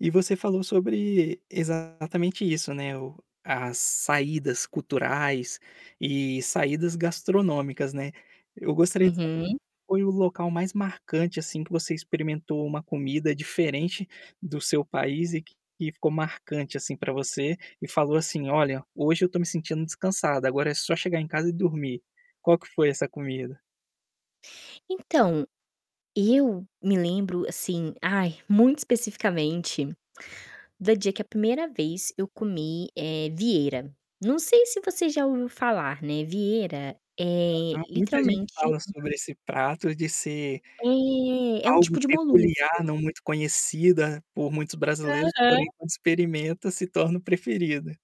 E você falou sobre exatamente isso ,né, o as saídas culturais, eh saídas gastronômicas, né, eu gostaria de saber Uhum. qual foi o local mais marcante assim que você experimentou uma comida diferente do seu país e que e ficou marcante assim para você, e falou assim: "Olha, hoje eu estou me sentindo descansada, agora é só chegar em casa e dormir". Qual que foi essa comida? Então, eu me lembro assim ai, muito especificamente, da dia que a primeira vez eu comi, eh, Vieira. Não sei se você já ouviu falar, né, Vieira é Muita gente literalmente fala uma sobre esse prato de ser, é, é um algo tipo de peculiar, molusco. não muito conhecida por muitos brasileiros, porém Aham. quando experimenta se torna o preferido.